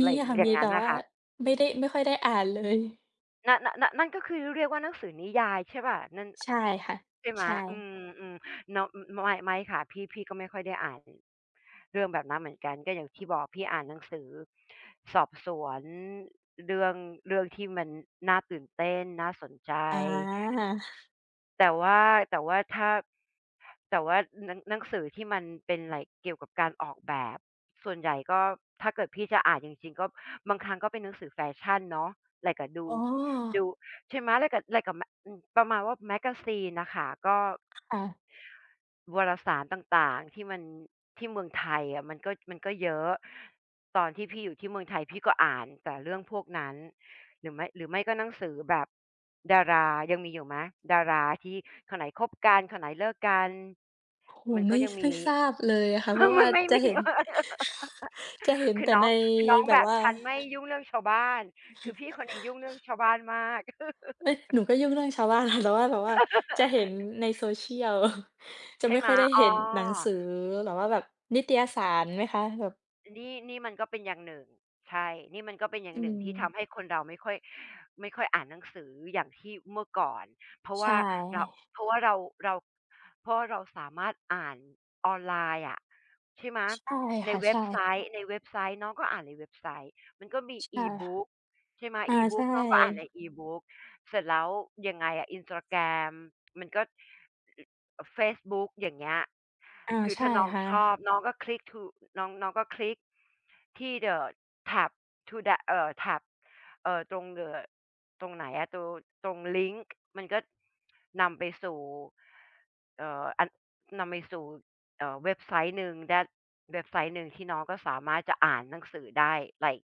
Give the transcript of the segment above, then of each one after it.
มไรีค่ะ อย่มางีงัแ้ต่นนว่ะ่าค่ะ ไม่ได้ ไม่ค่อยได้อ่านเลย น น นั่นก็คือเรียกว่าหนังสือนิยายใช่ไหมเปล่า นั่น ใช่ค่ะ ใช่ไหม ใชอื่ ม ๆ เนาะ อ อ ไม่ ไม่ค่ะ พี่ พี่ก็ไม่ค่อยได้อ่าน อ เรื่องแบบนั้นเหมือนกัน ก็อย่างที่บอกพี่อ่านหนังสือสอบสวน เรื่อง เรื่องที่มันน่าตื่นเต้น น่าสนใจ อา แต่ว่า แต่ว่าถ้า แต่ว่าหนัง หนังสือที่มันเป็นไร เกี่ยวกับการออกแบบ ส่วนใหญ่ก็ถ้าเกิดพี่จะอ่านจริง ๆ ก็บางครั้งก็เป็นหนังสือแฟชั่นเนาะ ไรก็ดู อ๋ดู อ ใช่ไหม ถ้าเกิดไรกะแมก อ ประมาณว่า แมกาซีน น่ะค่ะ ก็ ค่ะ วรสารต่าง ๆ ที่มัน ที่เมืองไทยอะมันก็ มันก็เยอะ ตอนที่พี่อยู่ที่เมืองไทยพี่ก็อ่านแต่เรื่องพวกนั้น หรือไม่ หรือไม่ก็หนังสือแบบดารา ยังมีอยู่ไหม? ดาราที่คนไหนคบกัน คนไหนเลิกกัน โอ้โฮ มันไมก็่ ยังไมมี ่ทราบเลยอะค่ะ เพราะวม่ัานไม่จะมี เห็น จะเห็นคืแอต่น้อในง คือน้องแบแบบบ ว่า "ฉันไม่ยุ่งเรื่องชาวบ้าน" คือพี่คนนี้ยุ่งเรื่องชาวบ้านมาก เอ๊ย หนูก็ยุ่งเรื่องชาวบ้าน ค่ะ แต่ว่า แต่ว่าจะเห็นใน Social จะใชไ่ม่ไหคม ่อยได้อ๋เหอ ็นหนังสือ หรือว่าแบบนิตยสารไหมคะ แบบ นี่ นี่มันก็เป็นอย่างหนึ่ง ใช่ นี่มันก็เป็นอย่อาืงหนึ่งม ที่ทำให้คนเราไม่ค่อย ไม่ค่อยอ่านหนังสืออย่างที่เมื่อก่อน เพราะใชว่าเรา ่ เพราะว่าเรา เรา เพราะว่าเราสามารถอ่านออนไลน์อะ ใช่ไหม ใช่ใคน่ะ เวใ็ชบ่ ไซต์ ในเว็บไซต์ น้องก็อ่านในเว็บไซต์ มันก็มี ใช่ค่ะ E-Book ใช่ไหม อา ใชE-Book น้องก็อ่านใน ่ E-Book เสร็จแล้วยังไงอะ Instagram มันก็ อ อา Facebook อย่างเงี้ย อา คือใชถ้่าน้องค่ชอะ บน้องก็คลิกทู อ น้อง น้องก็คลิกที่ The tab to the เอ่อ tab เอ่อ ตรง ด ตรงไหนอะ ตรง ตรงลิงค์ มันก็ นำไปสู่ เอ่อ อัน นำไปสู่ เอ่อ เว็บไซต์หนึ่ง that เว็บไซต์หนึ่ง ที่น้องก็สามารถจะอ่านหนังสือได้ ไลก์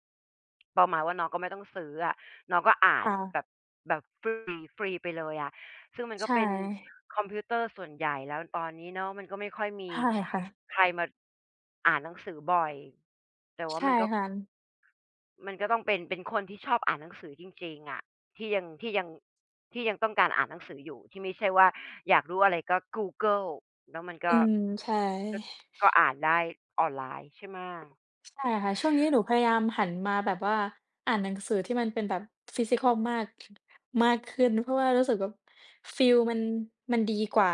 ประมาณว่าน้องก็ไม่ต้องซื้ออะ น้องก็อ่าคน่ะ แบบ แบบ ฟรี ฟรีไปเลยอะ ซึ่งมันกใช็เป็น่ คอมพิวเตอร์ส่วนใหญ่แล้ว ตอนนี้เนาะมันก็ไม่ค่อยมใชี่ค่ะ ใครมาอ่านหนังสือบ่อย แต่วใ่ชา่มันก็ ค่ะ มันก็ต้องเป็น เป็นคนที่ชอบอ่านหนังสือจริง ๆ อะ ที่ยัง ที่ยัง ที่ยังต้องการอ่านหนังสืออยู่ ที่ไม่ใช่ว่าอยากรู้อะไรก็กูเกิล แล้วมันกอื็ ม ใช่ ก็ ก็อ่านได้ออนไลน์ ใช่ไหม? ใช่ค่ะ ช่วงนี้หนูพยายามหันมาแบบว่าอ่านหนังสือที่มันเป็นแบบ physical มาก มากขึ้น เพราะว่ารู้สึกแบบฟีลมัน มันดีกว่า